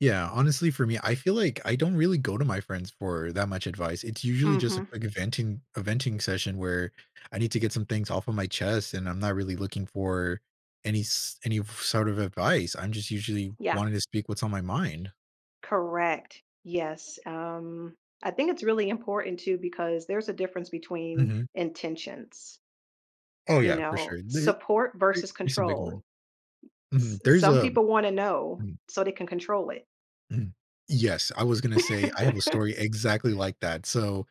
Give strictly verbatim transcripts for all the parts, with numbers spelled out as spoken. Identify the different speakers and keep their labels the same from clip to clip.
Speaker 1: Yeah. Honestly, for me, I feel like I don't really go to my friends for that much advice. It's usually just a
Speaker 2: Mhm.
Speaker 1: quick venting a venting session where I need to get some things off of my chest, and I'm not really looking for any s any sort of advice. I'm just usually
Speaker 2: Yeah.
Speaker 1: wanting to speak what's on my mind.
Speaker 2: Correct. Yes. Um, I think it's really important, too, because there's a difference between
Speaker 1: Mhm.
Speaker 2: intentions,
Speaker 1: Oh,
Speaker 2: You
Speaker 1: yeah, for sure.
Speaker 2: know,
Speaker 1: The
Speaker 2: support
Speaker 1: the
Speaker 2: versus
Speaker 1: is a big one.
Speaker 2: control. S
Speaker 1: Mhm. There's
Speaker 2: some
Speaker 1: a
Speaker 2: people wanna know
Speaker 1: mm.
Speaker 2: so they can control it.
Speaker 1: Mhm, yes. I was gonna say, I have a story exactly like that. So,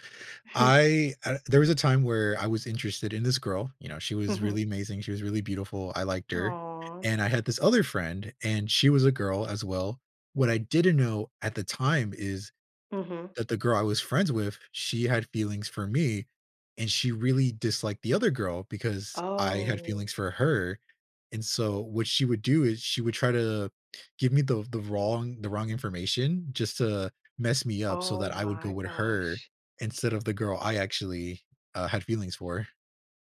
Speaker 2: Hmm.
Speaker 1: I uh, there was a time where I was interested in this girl, you know, she was
Speaker 2: Mhm.
Speaker 1: really amazing, she was really beautiful, I liked her.
Speaker 2: Aw.
Speaker 1: And I had this other friend, and she was a girl, as well. What I didn't know at the time is
Speaker 2: Mhm.
Speaker 1: that the girl I was friends with, she had feelings for me, and she really disliked the other girl because I had
Speaker 2: Oh.
Speaker 1: feelings for her and, so, what she would do is she would try to give me the the wrong the wrong information just to mess me up so
Speaker 2: Oh,
Speaker 1: that I would go
Speaker 2: my
Speaker 1: with her
Speaker 2: gosh.
Speaker 1: instead of the girl I actually, uh, had feelings for.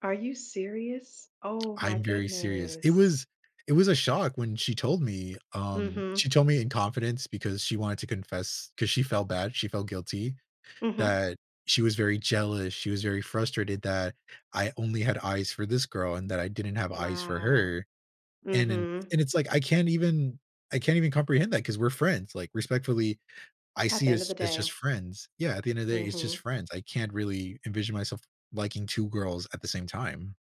Speaker 2: Are you serious? Oh, my
Speaker 1: I'm very serious. It
Speaker 2: goodness.
Speaker 1: was it was a shock when she told me, um, she
Speaker 2: Mhm.
Speaker 1: told me in confidence because she wanted to confess, 'cause she felt bad, she felt guilty
Speaker 2: Mhm.
Speaker 1: that she was very jealous, she was very frustrated that I only had eyes for this girl and that I didn't have eyes for
Speaker 2: Wow.
Speaker 1: her and and
Speaker 2: Mhm.
Speaker 1: and it's like, I can't even I can't even comprehend that 'cause we're friends, like, respectfully, I
Speaker 2: At the
Speaker 1: see
Speaker 2: end of
Speaker 1: us
Speaker 2: the
Speaker 1: as
Speaker 2: day.
Speaker 1: just friends. Yeah, at the end of day, it's just
Speaker 2: Mhm.
Speaker 1: friends. I can't really envision myself liking two girls at the same time.